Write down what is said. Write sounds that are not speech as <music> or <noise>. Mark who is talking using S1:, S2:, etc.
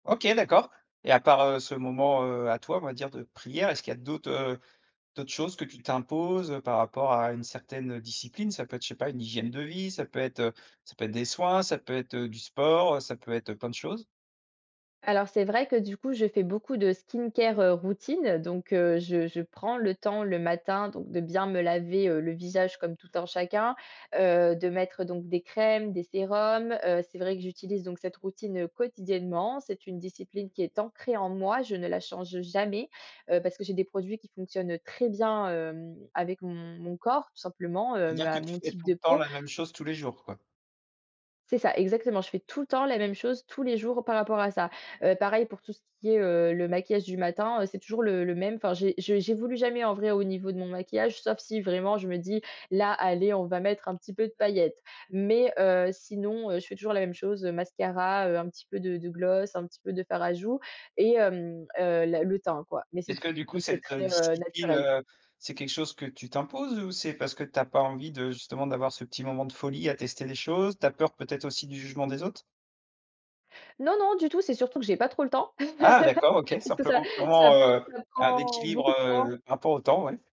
S1: OK, d'accord. Et à part, heu, ce moment, heu, à toi, on va dire de prière. Est-ce qu'il y a d'autres, heu d'autres choses que tu t'imposes, heu, par rapport à une certaine, heu, discipline? Ça peut être, je sais pas, une hygiène de vie, ça peut être, heu, ça peut être des soins, ça peut être, heu, du sport, heu, ça peut être, heu, plein de choses.
S2: Alors c'est vrai que du coup je fais beaucoup de skincare, heu, routine. Donc, heu, je je prends le temps le matin, donc de bien me laver, heu, le visage comme tout un chacun. Heu, de mettre donc: des crèmes, des sérums. Heu, c'est vrai que j'utilise donc cette routine, heu, quotidiennement. C'est une discipline qui est ancrée en moi, je ne la change jamais. Heu, parce que j'ai des produits qui fonctionnent très bien, hem, avec mon mon corps tout simplement,
S1: Ça
S2: heu,
S1: veut dire
S2: ma
S1: que tu
S2: mon
S1: fais
S2: type
S1: tout
S2: de
S1: le temps
S2: peau.
S1: la même chose tous les jours quoi?
S2: C'est ça exactement, je fais tout le temps la même chose tous les jours par rapport à ça. Heu, pareil pour tout ce qui est, heu, le maquillage du matin, heu, c'est toujours le le même. Enfin j'é je j'évolue jamais en vrai au niveau de mon maquillage, sauf si vraiment je me dis: «Là allez, on va mettre un petit peu de paillettes». Mais, heu, sinon, heu, je fais toujours la même chose, heu, mascara, heu, un petit peu de de gloss. Un petit peu de fard à joues, et hem heu la le teint quoi. Mais c'est
S1: Est-ce que
S2: tout.
S1: du coup
S2: Donc c'est
S1: cette, heu,
S2: très, heu,
S1: discipline,
S2: naturel.
S1: heu, c'est quelque chose que tu t'imposes? Ou c'est parce que tu as pas envie de justement d'avoir ce petit moment de folie à tester les choses? Tu as peur, peut-être aussi du jugement des autres?
S2: Non, non du tout c'est surtout que j'ai pas trop le temps.
S1: Ah! D'accord, OK,
S2: <laughs> Parce que ça
S1: simplement
S2: ça
S1: vraiment,
S2: pr
S1: heu,
S2: ça
S1: un
S2: prend
S1: équilibre,
S2: beaucoup de temps.
S1: heu, par rapport au temps, ouais.